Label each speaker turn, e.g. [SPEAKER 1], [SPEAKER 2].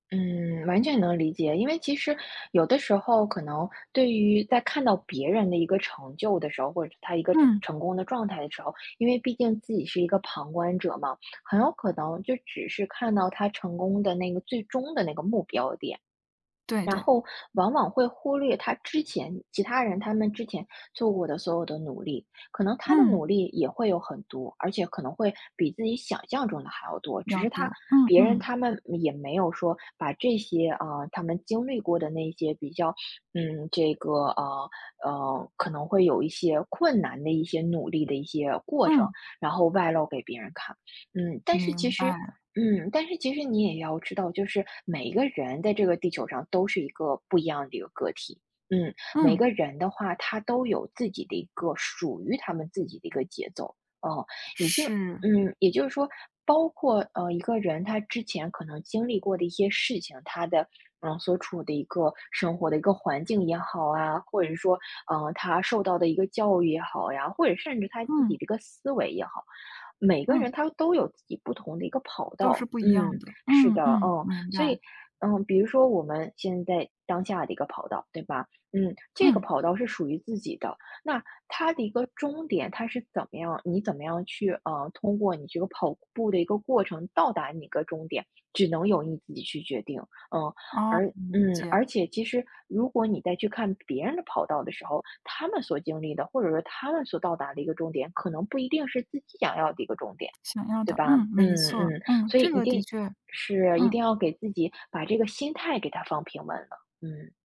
[SPEAKER 1] 嗯，完全能理解。因为其实，有的时候可能对于在看到别人的一个成就的时候，或者他一个成
[SPEAKER 2] 嗯。
[SPEAKER 1] 成功的状态的时候，因为毕竟自己是一个旁观者嘛，很有可能就只是看到他成功的那个最终的那个目标点。
[SPEAKER 2] 对
[SPEAKER 1] 然
[SPEAKER 2] 对。
[SPEAKER 1] 后往往会忽略他之前其他人，他们之前做过的所有的努力。可能他的
[SPEAKER 2] 嗯。
[SPEAKER 1] 努力也会有很多，而且可能会比自己想象中的还要多。
[SPEAKER 2] 比
[SPEAKER 1] 只
[SPEAKER 2] 较
[SPEAKER 1] 是他
[SPEAKER 2] 多，嗯
[SPEAKER 1] 别人
[SPEAKER 2] 嗯。
[SPEAKER 1] 他们没也没有说把这些，呃，他们经历过的那些比较，嗯，这个，呃，呃，可能会有一些困难的一些努力的一些过程，
[SPEAKER 2] 嗯。
[SPEAKER 1] 然后外露给别人看。嗯，但是其
[SPEAKER 2] 明
[SPEAKER 1] 实
[SPEAKER 2] 白。
[SPEAKER 1] 嗯，但是其实你也要知道，就是每一个人在这个地球儿上都是一个不一样的一个个体，嗯。每
[SPEAKER 2] 嗯。
[SPEAKER 1] 个人的话，他都有自己的一个属于他们自己的一个节奏，嗯。也就
[SPEAKER 2] 是。
[SPEAKER 1] 嗯，也就是说，包括，呃，一个人他之前可能经历过的一些事情，他的，呃，所处的一个生活的一个环境也好啊，或者是说，呃，他受到的一个教育也好呀，或者甚至他自
[SPEAKER 2] 嗯。
[SPEAKER 1] 己的一个思维也好，每个人
[SPEAKER 2] 嗯。
[SPEAKER 1] 他都有自己不同的一个跑
[SPEAKER 2] 都是
[SPEAKER 1] 道。
[SPEAKER 2] 不一样
[SPEAKER 1] 嗯，
[SPEAKER 2] 的，
[SPEAKER 1] 是
[SPEAKER 2] 嗯
[SPEAKER 1] 的，
[SPEAKER 2] 嗯，
[SPEAKER 1] 哦，
[SPEAKER 2] 明
[SPEAKER 1] 所
[SPEAKER 2] 白。
[SPEAKER 1] 以，嗯，比如说我们现在当下的一个跑道，对吧？嗯，这个
[SPEAKER 2] 嗯。
[SPEAKER 1] 跑道是属于自己的。那它的一个终点，它是怎么样你怎么样去，呃，通过你这个跑步的一个过程到达你个终点，只能由你自己去决定，嗯。
[SPEAKER 2] 哦，
[SPEAKER 1] 而
[SPEAKER 2] 理
[SPEAKER 1] 嗯，
[SPEAKER 2] 解。
[SPEAKER 1] 而且其实，如果你在去看别人的跑道的时候，他们所经历的，或者说他们所到达的一个终点，可能不一定是自己想要的一个终点，
[SPEAKER 2] 想要
[SPEAKER 1] 对
[SPEAKER 2] 的，
[SPEAKER 1] 吧？
[SPEAKER 2] 嗯，没
[SPEAKER 1] 嗯，
[SPEAKER 2] 错，
[SPEAKER 1] 嗯，
[SPEAKER 2] 嗯，
[SPEAKER 1] 所以
[SPEAKER 2] 这
[SPEAKER 1] 一
[SPEAKER 2] 个的
[SPEAKER 1] 定
[SPEAKER 2] 确。
[SPEAKER 1] 是，一
[SPEAKER 2] 嗯。
[SPEAKER 1] 定要给自己把这个心态给它放平稳了，嗯。